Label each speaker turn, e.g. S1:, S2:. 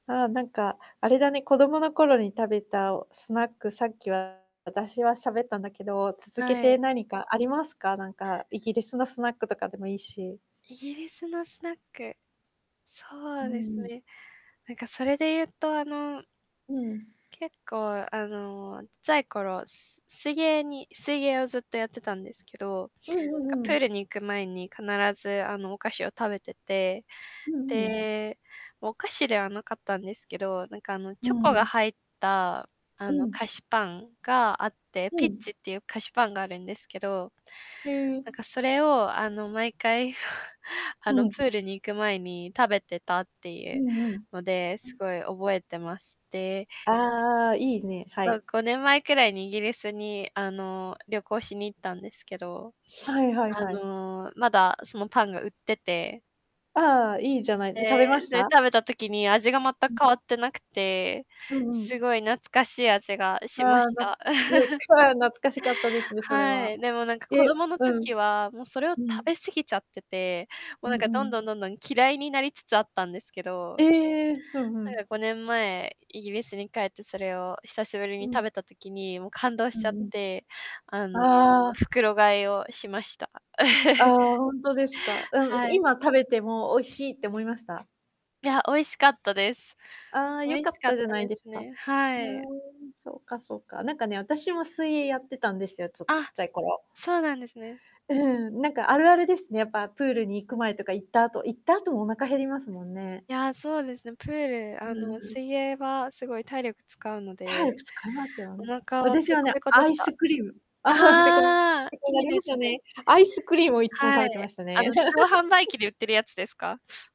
S1: ああ、なんか、あれだね、子供の頃に食べた、おスナック、さっきは、私は喋ったんだけど、続け
S2: は
S1: て
S2: い。
S1: 何かありますか？なんか、イギリスのスナックとかでもいいし。
S2: イギリスのスナック、そ
S1: う
S2: うです
S1: ん。
S2: ね。なんかそれで言うと、あの
S1: うん。
S2: 結構、あの、ちっちゃい頃、すす水泳に水泳をずっとやってたんですけど、
S1: うんう
S2: な
S1: ん
S2: んか、
S1: うんう
S2: プー
S1: ん。
S2: ルに行く前に必ず、あの、お菓子を食べてて、
S1: うん、ふん。
S2: で、お菓子ではなかったんですけど、なんか、あの、
S1: うー
S2: チョコが
S1: ん。
S2: 入った、あ
S1: う
S2: の、
S1: ん。
S2: 菓子パンがあって、
S1: ふ
S2: ピッ
S1: ん。
S2: チってゆう菓子パンがあるんですけど、
S1: へ
S2: なん
S1: え。
S2: か、それを、あの、毎回、あ
S1: う
S2: の、プ
S1: ん。
S2: ールに行く前に食べてたってい
S1: う
S2: う
S1: んうん。
S2: ので、
S1: う
S2: す
S1: ん。
S2: ごい、覚えてまして
S1: ああああ、いいね、は
S2: ま、
S1: い。
S2: 5年前くらいに、イギリスに、あの、旅行しに行ったんですけど、
S1: はい はい
S2: あ
S1: はい。
S2: の、まだ、そのパンが売ってて
S1: ああああ、いいじゃない。で、食
S2: で
S1: べまし
S2: で、
S1: た？
S2: 食べた時に、味が全く
S1: う
S2: 変
S1: ん。
S2: わってなくて、
S1: うんう
S2: す
S1: ん。
S2: ごい懐かしい味が
S1: あ
S2: しま
S1: あ、
S2: し
S1: な
S2: た。
S1: よ それは、懐かしかったですね、それ
S2: は
S1: は。
S2: い、でもなんか子
S1: え、
S2: 供の
S1: うん。
S2: 時は、も、それを食
S1: うん。
S2: べ過ぎちゃってて、も、
S1: う
S2: なん
S1: ん
S2: か、
S1: う
S2: どんど
S1: ん。
S2: んどんどん嫌いになりつつあったんですけど、
S1: ええ、ふんふ
S2: それ
S1: ん。
S2: が、5年前、イギリスに帰って、それを久しぶり
S1: う
S2: に
S1: ん。
S2: 食べた時に、も、感動し
S1: う
S2: ちゃっ
S1: んうん。
S2: て、あの、
S1: ああ。
S2: 袋買いをしました。
S1: あ あ、ほんとですか、うん。
S2: はい。
S1: 今、食べても美味しいって思いました？
S2: いや、美味しかったです。
S1: ああ、
S2: 美
S1: よ
S2: 味
S1: か
S2: し
S1: っ
S2: かっ
S1: たじゃ
S2: た
S1: ない
S2: で
S1: で
S2: す
S1: すか。
S2: ね、
S1: ふ
S2: は
S1: う
S2: い。
S1: ん、そうかそうか、なんかね、あたしも水泳やってたんですよ、ちょっち
S2: あ、
S1: っちゃい頃。
S2: そうなんですね。
S1: うん、なんか、あるあるですね、やっぱ、プールに行く前とか行った後行った後もお腹減りますもんね。
S2: いや、そうですね、プールあ
S1: うん
S2: の、
S1: うん。
S2: 水泳はすごい体力使うので、
S1: 体力使いますよ
S2: お
S1: ね。
S2: 腹は
S1: 私
S2: ペ
S1: は
S2: コ
S1: ね、
S2: ペコで
S1: ア
S2: し
S1: イス
S2: た。
S1: クリーム。ペコペコ
S2: ああ、
S1: な
S2: いい
S1: り
S2: で
S1: ます
S2: す
S1: よね。
S2: ね。
S1: アイスクリームをいっつも食
S2: はい。
S1: べてました
S2: あ
S1: ね。
S2: の、自動販売機 で売ってるやつですか？